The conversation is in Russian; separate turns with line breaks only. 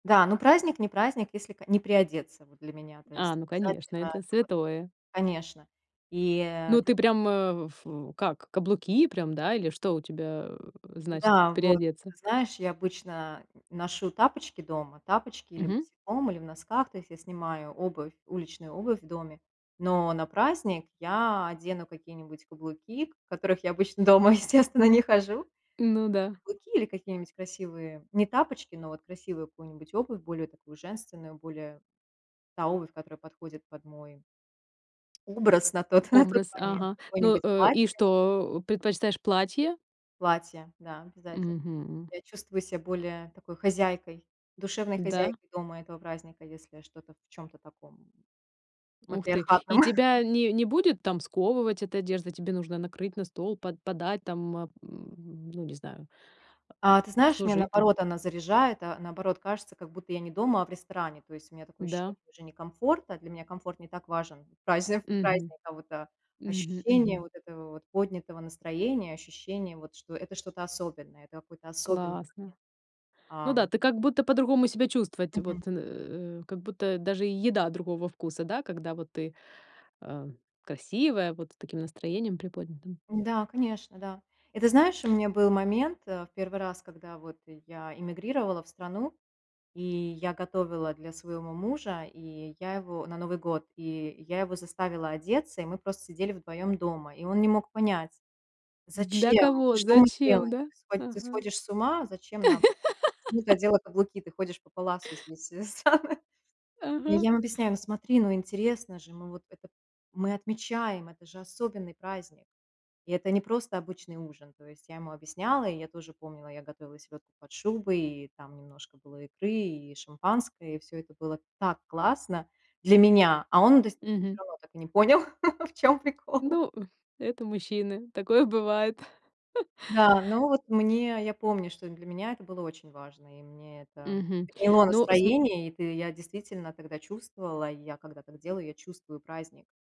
Да, ну, праздник- не праздник, если к не приодеться, вот, для меня, то
А,
есть
ну конечно,
обязательно
это
это вот,
святое.
конечно, и, э
Ну, ты прям, э, в как каблуки прям, да? Или что у тебя значит,
Да, вот.
приодеться?
Ты знаешь, я обычно ношу тапочки дома, тапочки или
Мгм.
босиком, или в носках, то есть я снимаю обувь, уличную обувь в доме, но на праздник я одену какие-нибудь каблуки, в которых я обычно дома, естественно, не хожу.
Ну да.
Каблуки или какие-нибудь красивые не тапочки, но вот красивую какую-нибудь обувь более такую, женственную, более та обувь, которая подходит под мой образ на тот на тот
Образ,
момент,
ага. Ну,
какое-нибудь
э, и
платье
что, предпочитаешь платье?
платье, да, обязательно.
Мгм.
Я чувствую ся более такой, хозяйкой, душевной
Да.
хозяйкой дома этого праздника, если что-то в чем-то таком
Ух ты.
матриархатном.
И тебя не не будет там сковывать эта одежда? Тебе нужно накрыть на стол, по подать там, м, ну, не знаю,
А, ты знаешь, меня
обслужить там.
наоборот она заряжает, а наоборот кажется, как будто я не дома, а в ресторане. То есть у меня такое ощущение
Да.
уже не комфорта, для меня комфорт не так важен празни
Мгм.
праздника, а вот
Мгм
ощущение
мгм.
вот этого поднятого настроения, ощущение, вот, что это что-то особенное, это какой-то особенный
Классно.
момент.
Ну
Ам
да, ты как будто по-другому себя чувствовать.
Мгм.
Вот, э, как будто даже еда другого вкуса, да, когда вот ты, а, красивая, вот с таким настроением приподнятым?
Да, конечно, да. И ты знаешь, у меня был момент, э, в 1 раз, когда вот я эмигрировала в страну, и я готовила для своего мужа, и я его на Новый год, и я его заставила одеться, и мы просто сидели вдвоем дома, и он не мог понять,
Для
зачем,
кого?
что мы
Зачем,
делаем,
да?
ты схо ты
Ага.
сходишь с ума, зачем нам почему ты надела каблуки, ты ходишь по паласу здесь, это самое.
Ага.
Я им объясняю: "Ну, смотри, ну, интересно же, мы вот это мы отмечаем, это же особенный праздник, и это не просто обычный ужин". То есть я ему объясняла, и я тоже помнила, я готовила селёдку под шубой, и там немножко было икры и шампанское, и всё это было так классно для меня, а он д всё
Мгм.
равно так и не понял, в чём прикол.
Ну, это мужчины, такое бывает.
Да, ну вот мне, я помню, что для меня это было очень важно, и мне это
Мгм,
подняло
ну, см
настроение, и т я действительно тогда чувствовала, я когда так делаю, я чувствую праздник.